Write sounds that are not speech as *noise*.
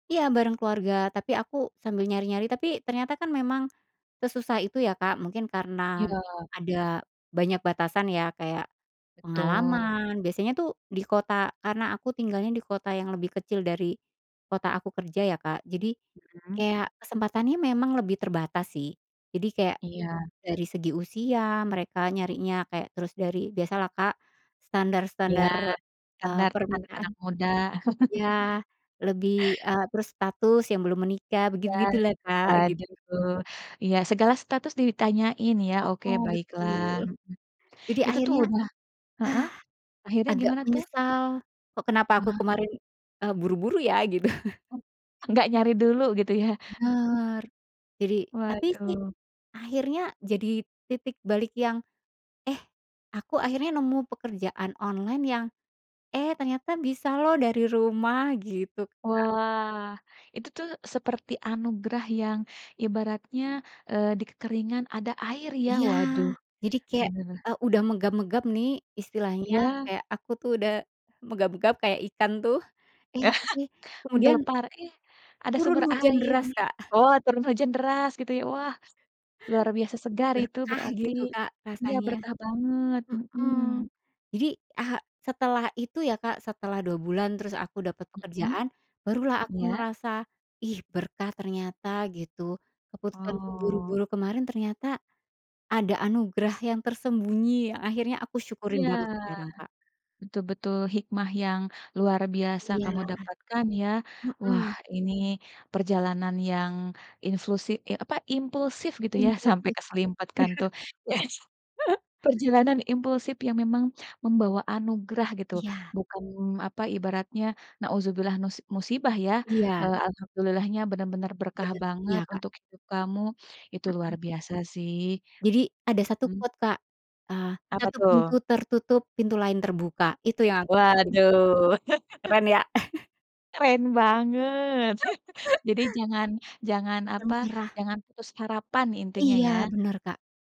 Iya, bareng keluarga, tapi aku sambil nyari-nyari, tapi ternyata kan memang sesusah itu ya, Kak. Mungkin karena Iya. ada banyak batasan ya, kayak Betul. pengalaman, biasanya tuh di kota karena aku tinggalnya di kota yang lebih kecil dari kota aku kerja ya Kak, jadi Hmm. kayak kesempatannya memang lebih terbatas sih. Jadi kayak Iya. dari segi usia mereka nyarinya, kayak, terus dari biasalah Kak, Iya, standar-standar, eee standar permintaan, anak-anak muda. *chuckles* iya, lebih, eee, terus status yang belum menikah, Iya, begitu-begitulah Kak, gitu. waduh, iya, segala status ditanyain ya, oke Heeh, baiklah, betul, jadi hmm. Itu tuh akhirnya, udah heeh, *sighs* akhirnya agak gimana tuh? menyesal, kok kenapa aku Wah. kemarin, eee, buru-buru ya gitu. Oh, nggak nyari dulu gitu ya? Mmm. Bener, jadi, tapi sih, Waduh. akhirnya jadi titik balik yang, eh aku akhirnya nemu pekerjaan online yang, eh ternyata bisa loh dari rumah gitu Kak. Wah, itu tuh seperti anugerah yang ibaratnya, eee, di kekeringan ada air ya. Iya, Waduh, jadi kayak, bener. eee, udah megap-megap nih istilahnya, Iya. kayak aku tuh udah megap-megap kayak ikan tuh, eh tapi, *chuckles* kemudian Menggelepar, iya, ada turun sumber hujan air deras, nih. Kak. Oh turun hujan deras gitu ya, wah, luar biasa segar itu Berkah berarti, gitu Kak, iya, rasanya. berkah banget, Hmm. hmm. Jadi, eee, setelah itu ya Kak, setelah 2 bulan, terus aku dapat Hmm, pekerjaan, barulah aku iya. ngerasa, ih berkah ternyata, gitu. Keputusanku Oh. buru-buru kemarin ternyata ada anugerah yang tersembunyi, akhirnya aku syukurin Iya, banget sekarang Kak. betul betul, hikmah yang luar biasa kamu Iya. dapatkan ya. Wah, Hmm. ini perjalanan yang inslusi eh apa, impulsif gitu ya, sampai Impulsif, keserimpet kan iya. tuh, yes. *chuckles* Perjalanan impulsif yang memang membawa anugerah gitu, Iya. bukan apa Ibaratnya, naudzubillah nus musibah ya. Iya. Eee, alhamdulillahnya benar-benar berkah Bener, banget iya Kak. untuk hidup kamu, itu luar Hmm. biasa sih. Jadi ada satu Mmm. quote Kak, eee, Apa "satu pintu tuh? tertutup, pintu lain terbuka" Itu yang aku rasain Kak, Waduh. *chuckles* keren ya. *chuckles* Keren banget! *chuckles* Jadi *chuckles* jangan jangan, Tidak apa, menyerah. jangan putus harapan intinya Iya, ya. bener, Kak.